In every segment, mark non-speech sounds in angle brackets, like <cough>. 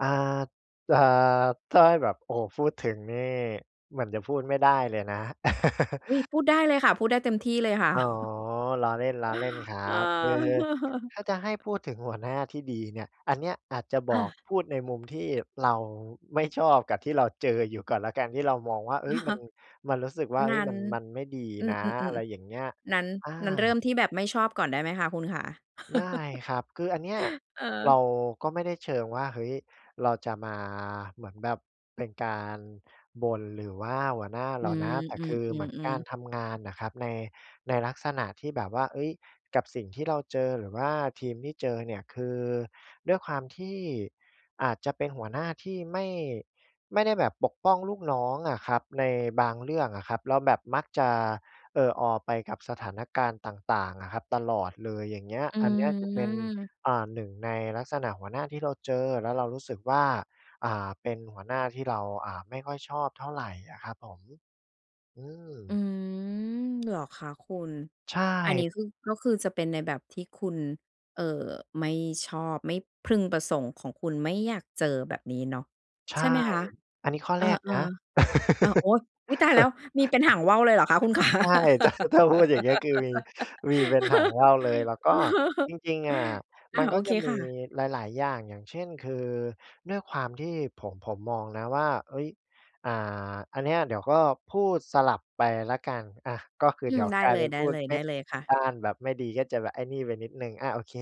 อ่า จะ ถ้าให้แบบ โอ้โฮ พูดถึงนี่ เหมือนจะพูดไม่ได้เลยนะ อุ๊ย พูดได้เลยค่ะ พูดได้เต็มที่ เลยค<laughs> ่ะ อ๋อ <chuckles> ล้อเล่น ล้อเล่นครัเออ บ เออ ถ้าจะให้<laughs> พูดถึงหัวหน้าที่ดีเนี่ย อันเนี้ยอาจจะบออก า พูดในมุมที่เราไม่ชอบ กับที่เราเจออยู่ก่อนแล้วกัน ที่เรามองว่า เฮอ้ย ะมฮัะ น มันรู้สึกว่า เฮน้ย ั้มน ัน มันไม่ดีอืนะ อะอ ไรอย่าๆ งเงี้ย ๆ ๆ นั้น อา นั้นเริ่มที่แบบไม่ชอบก่อนได้ไหมคะ คุณขา ได้<laughs> ครับ คืออันเนี้ยเเรออ าก็ไม่ได้เชิงว่า เฮ้ย เราจะมาเหมือนแบบเป็นการบ่น หรือว่า หัวหน้าอเรืาม นะ แต่อืคือเหมือนกม ารๆ ๆ ทำงานน่ะครับ ใน ในลักษณะที่แบบว่า เฮ้ย กับสิ่งที่เราเจอ หรือว่าทีมที่เจอเนี่ย คือด้วยความที่ อาจจะเป็นหัวหน้าที่ไม่ ไม่ได้แบบปกป้องลูกน้องอะครับ ในบางเรื่องอะครับ แล้วแบบมักจะเออออไปกับสถานการณ์ต่าง ๆ อะครับตลอดเลย อย่างเงี้ย อือันเนี้ยจะเป็น ม อ่า 1 ในลักษณะหัวหน้าที่เราเจอ แล้วเรารู้สึกว่า อ่า เป็นหัวหน้าที่เรา อ่า ไม่ค่อยชอบเท่าไรอะครับผม อือืม ม เหรอคะคุณ ใช่ อันนี้คือ ก็คือจะเป็นในแบบที่คุณ เอ่อ ไม่ชอบ ไม่พึงประสงค์ของคุณ ไม่อยากเจอ แบบนี้เนาะ ใชใ่ ช่ไหมคะ? อันนี้ข้อเอแอ รกนะ ๆ อ่า โอ้! อุ๊ย! ตายแล้ว <laughs> มีเป็นหางว่าวเลยเหรอคะ คุณ ขา ใช่ จะ ก็ถ้าต้องพูด อย่างเงี้ย คือมี มีเป็นหางว่าวเลย แล้วก็จ<laughs> ริง ๆ อะอมัา นกโอ็จเคะมีค่ะ หลาย ๆ อย่าง อย่างเช่น คือด้วยความที่ผม ผมมองนะว่า เฮ้ย อ่า อันนี้เดี๋ยวก็พูดสลับไปแล้วกัน อา ก็คืออืเดีม ๋ยวได้กลาเยลเปย ็นๆ ไดพูดไม่ ้เลยค่ะ ด้านแบบไม่ดี ก็จะแบบไอ้นี่ไปนิดหนึ่ง อา โอเค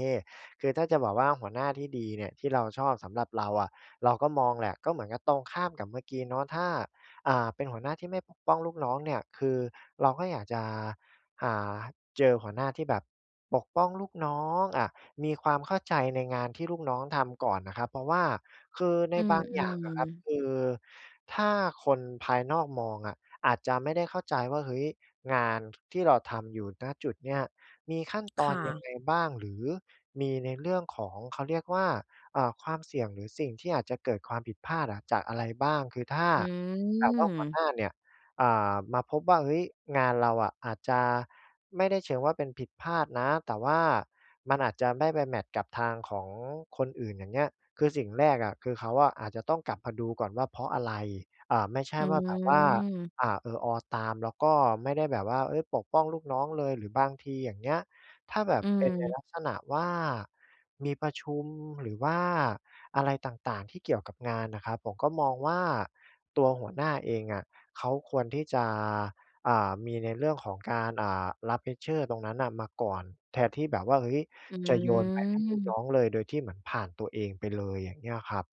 คือถ้าจะบอกว่าหัวหน้าที่ดีเนี่ย ที่เราชอบ สำหรับเราอะ เราก็มองแหละ ก็เหมือนกับตรงข้ามกับเมื่อกี้เนาะ ถ้า อ่า เป็นหัวหน้าที่ไม่ปกป้องลูกน้องเนี่ย คือเราก็อยากจะ อ่า เจอหัวหน้าที่แบบปกป้องลูกน้อง อา มีความเข้าใจในงานที่ลูกน้องทำก่อนน่ะครับ เพราะว่า คือใน อือ บางออืย่างอะครับ ม คือถ้าคนภายนอกมองอะอาจจะไม่ได้เข้าใจว่า เฮ้ย งาน ท ที่เราทำอยู่ ณ จุดเนี้ย มีขั้นตคอน่ยังะ ไงบ้าง หรือมีในเรื่องของ เขาเรียกว่า เอ่อ ความเสี่ยงหรือสิ่งที่อาจจะเกิดความผิดพลาดอะจากอะไรบ้าง คือถ้าอืแบบว่าหัวหนม ้าเนี่ย อ่า มาพบว่า เฮ้ย งานเราอะอาจจะ ไม่ได้เชิงว่าเป็นผิดพลาดนะ แต่ว่ามันอาจจะไม่ไปแมตช์กับทางของคนอื่น อย่างเงี้ย คือสิ่งแรกอะ คือเขาอาจจะต้องกลับมาดูก่อนว่า เพราะอะไร อ่า ไม่ใช่อืว่าแบบว่า ม อ่า เออออตาม แล้วก็ไม่ได้แบบว่า เฮ้ย ปกป้องลูกน้องเลย หรือบางทีอย่างเงี้ย ถ้าแบบอืเป็นในม ลักษณะว่า มีประชุม หรือว่าอะไรต่าง ๆ ที่เกี่ยวกับงานน่ะครับ ผมก็มองว่าตัวหัวหน้าเองอะ เขาควรที่จะ อ่า มีในเรื่องของการ อ่า รับ Pressure ตรงนั้นน่ะ มาก่อน แทนที่แบบว่า เฮ้ย อืจะโยนไปให้ลูกน้ม องเลย โดยที่เหมือนผ่านตัวเองไปเลย อย่างเงี้ยครับ